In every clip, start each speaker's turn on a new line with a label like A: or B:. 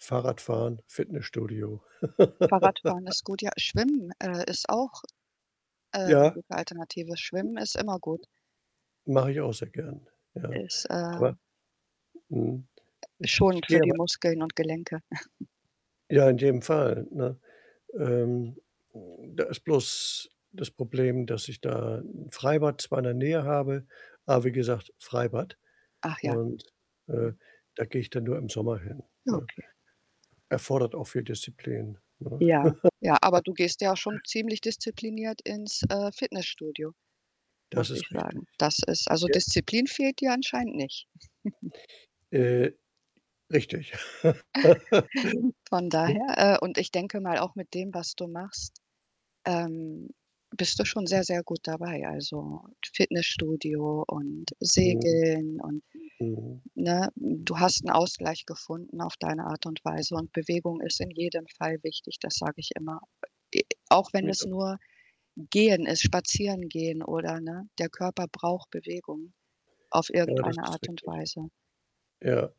A: Fahrradfahren, Fitnessstudio.
B: Fahrradfahren ist gut, ja. Schwimmen, äh, ist auch, ähm,
A: Ja.
B: gute Alternative. Schwimmen ist immer gut.
A: Mache ich auch sehr gern, ja.
B: Ist,
A: Aber,
B: äh
A: mhm, ich ich
B: schonend
A: gehe
B: für die
A: [unintelligible]
B: Muskeln und Gelenke.
A: Ja, in jedem Fall, ne? Ähm, da ist bloß das Problem, dass ich da 'n Freibad zwar in der Nähe habe, aber wie gesagt, Freibad
B: Ach ja,
A: und,
B: ja.
A: äh, da gehe ich dann nur im Sommer hin, ne?
B: Okay.
A: Erfordert auch viel Disziplin, ne?
B: Ja. Ja, aber du gehst ja auch schon ziemlich diszipliniert ins, äh, Fitnessstudio, muss
A: Das
B: ich
A: ist richtig.
B: sagen. Das ist also,
A: Ja.
B: Disziplin fehlt dir anscheinend nicht.
A: Äh, richtig.
B: Von
A: [unintelligible]
B: daher äh, und ich denke mal auch mit dem, was du machst, ähm, bist du schon sehr, sehr gut dabei. Also, Fitnessstudio und
A: Oh.
B: Segeln und
A: Oh.
B: ne? Du hast 'n Ausgleich gefunden auf deine Art und Weise und Bewegung ist in jedem Fall wichtig, das sage ich immer. Äh, e auch wenn es
A: Ja.
B: nur Gehen ist, Spazierengehen oder, ne? Der Körper braucht Bewegung, auf
A: Ja, das
B: irgendeine
A: ist
B: Art und
A: richtig.
B: Weise.
A: Ja,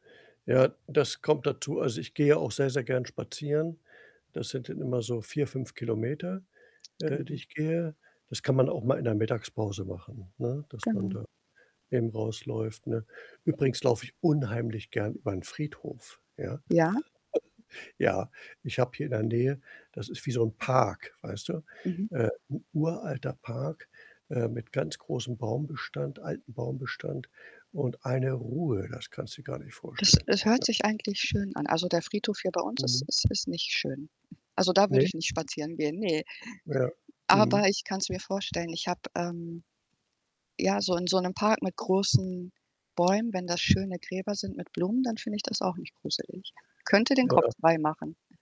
A: ja, das kommt dazu. Also, ich gehe auch sehr, sehr gern spazieren. Das sind dann immer so 4 km 5 km, äh, die
B: Genau.
A: ich gehe. Das kann man auch mal in der Mittagspause machen, ne, dass man
B: Genau.
A: da eben rausläuft, ne? Übrigens laufe ich unheimlich gern über 'n Friedhof, ja.
B: Ja.
A: Ja, ich habe hier in der Nähe das ist wie so 'n Park, weißt du?
B: Mhm.
A: Äh, 'n uralter Park, äh, mit ganz großem Baumbestand, altem Baumbestand und eine Ruhe, das kannst du dir gar nicht
B: Das
A: vorstellen.
B: das hört
A: Ja.
B: sich eigentlich schön an. Also, der Friedhof hier bei uns ist
A: Mhm.
B: ist ist nicht schön. Also, da würde
A: Ne?
B: ich nicht spazieren gehen, ne.
A: Ja. Mhm.
B: Aber ich kann's mir vorstellen, ich habe, ähm ja, so in so 'nem Park mit großen Bäumen, wenn das schöne Gräber sind mit Blumen, dann finde ich das auch nicht gruselig. Könnte den Kopf
A: Ja.
B: freimachen.